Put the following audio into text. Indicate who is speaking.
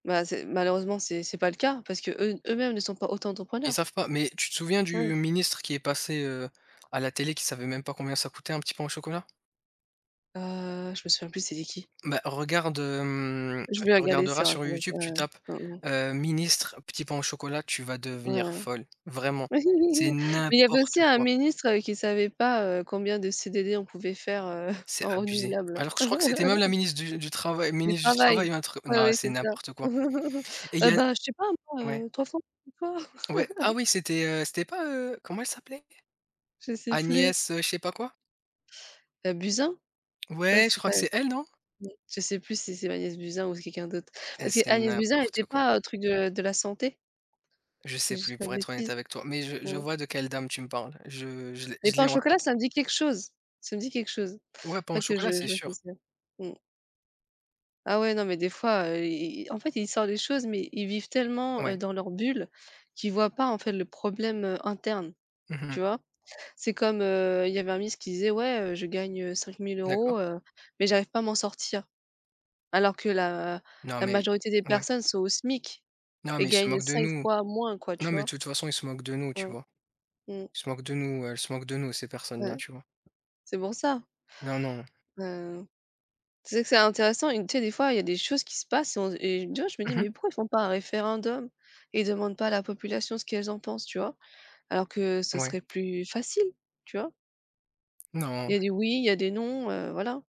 Speaker 1: Ben, c'est malheureusement c'est c'est pas le cas parce qu'eux eux-mêmes ne sont pas
Speaker 2: Ils
Speaker 1: auto-entrepreneurs.
Speaker 2: savent pas. Mais, tu te souviens du
Speaker 1: Ouais.
Speaker 2: ministre qui est passé, heu, à la télé, qui savait même pas combien ça coûtait un petit pain au chocolat?
Speaker 1: Heu, je me souviens plus c'était qui.
Speaker 2: Ben, regarde, hem,
Speaker 1: Je vais
Speaker 2: tu
Speaker 1: regarder
Speaker 2: regarderas
Speaker 1: sur
Speaker 2: sur
Speaker 1: internet,
Speaker 2: YouTube,
Speaker 1: ouais,
Speaker 2: tu tapes,
Speaker 1: ouais, ouais. Mmh mh.
Speaker 2: heu, ministre, petit pain au chocolat, tu vas
Speaker 1: Ouais.
Speaker 2: devenir folle, vraiment. C'est
Speaker 1: Mais, il y avait
Speaker 2: n'importe
Speaker 1: aussi un
Speaker 2: quoi!
Speaker 1: ministre, heu, qui savait pas, heu, combien de CDD on pouvait faire, heu,
Speaker 2: C'est
Speaker 1: en
Speaker 2: abusé.
Speaker 1: renouvelable.
Speaker 2: Alors que je crois que c'était même la ministre du du travail
Speaker 1: Du
Speaker 2: ministre du
Speaker 1: travail!
Speaker 2: travail, un truc
Speaker 1: Ouais,
Speaker 2: non,
Speaker 1: ouais
Speaker 2: c'est
Speaker 1: c'est ça.
Speaker 2: n'importe quoi. Et il y
Speaker 1: Heu,
Speaker 2: a
Speaker 1: ben, je sais pas moi
Speaker 2: ouais.
Speaker 1: heu, 300
Speaker 2: Ouais,
Speaker 1: [unintelligible]
Speaker 2: ah oui c'était, heu? C'était pas, heu? Comment elle s'appelait?
Speaker 1: Je sais plus.
Speaker 2: Agnès, heu, je sais pas quoi.
Speaker 1: Heu, Buzyn? Je crois,
Speaker 2: Ouais, je
Speaker 1: c'est
Speaker 2: crois
Speaker 1: pas
Speaker 2: que c'est elle, non?
Speaker 1: je sais plus si c'est Agnès Buzyn ou c'est quelqu'un d'autre.
Speaker 2: Eh,
Speaker 1: Parce
Speaker 2: c'est
Speaker 1: qu'Agnès Buzyn, elle
Speaker 2: n'importe
Speaker 1: était
Speaker 2: quoi.
Speaker 1: pas, heu, truc de de la santé?
Speaker 2: Je
Speaker 1: Que
Speaker 2: sais
Speaker 1: je dise
Speaker 2: plus
Speaker 1: pas
Speaker 2: pour
Speaker 1: de
Speaker 2: être honnête
Speaker 1: bêtises.
Speaker 2: avec toi, mais je je
Speaker 1: Mmh.
Speaker 2: vois de quelle dame tu me parles. Je je l'ai
Speaker 1: Mais
Speaker 2: je l'ai
Speaker 1: pain au
Speaker 2: en
Speaker 1: chocolat
Speaker 2: tête.
Speaker 1: ça me dit quelque chose. Ça me dit quelque chose.
Speaker 2: Ouais, pain au
Speaker 1: Faudrait que
Speaker 2: chocolat,
Speaker 1: je
Speaker 2: c'est
Speaker 1: je vois qui
Speaker 2: sûr.
Speaker 1: c'est. Mmh. Ah ouais, non mais des fois, heu, ils ils, en fait, ils sortent des choses mais ils vivent tellement, heu,
Speaker 2: Ouais.
Speaker 1: dans leur bulle qu'ils voient pas en fait le problème, heu, interne,
Speaker 2: Mmh mh.
Speaker 1: tu vois? C'est comme, heu, il y avait un ministre qui disait: «Ouais heu, je gagne, heu, cinq mille
Speaker 2: D'accord.
Speaker 1: euros heu, mais j'arrive pas à m'en sortir». Alors que la
Speaker 2: Non
Speaker 1: la
Speaker 2: mais
Speaker 1: majorité des
Speaker 2: ils ouais.
Speaker 1: personnes sont au SMIC
Speaker 2: Non
Speaker 1: et
Speaker 2: mais ils se
Speaker 1: gagnent
Speaker 2: moquent de
Speaker 1: 5
Speaker 2: nous.
Speaker 1: fois moins quoi, tu
Speaker 2: Non mais
Speaker 1: vois?
Speaker 2: de toute façon, ils se moquent de nous, tu
Speaker 1: Ouais.
Speaker 2: vois?
Speaker 1: Mmh.
Speaker 2: Ils se moquent de nous, elles se moquent de nous ces
Speaker 1: Ouais.
Speaker 2: personnes-là, tu vois?
Speaker 1: C'est pour ça.
Speaker 2: Non, non.
Speaker 1: Ben, heu. Tu sais que c'est intéressant. Une tu sais, des fois, il y des choses qui se passent et on et ouais je me
Speaker 2: Mmh
Speaker 1: dis:
Speaker 2: mh.
Speaker 1: «Mais pourquoi ils font pas un référendum et ils demandent pas à la population ce qu'elles en pensent?» Tu vois? Alors que ce serait
Speaker 2: Ouais.
Speaker 1: plus facile, tu vois?
Speaker 2: Non.
Speaker 1: Il y a des oui, il y a des non, heu, voilà.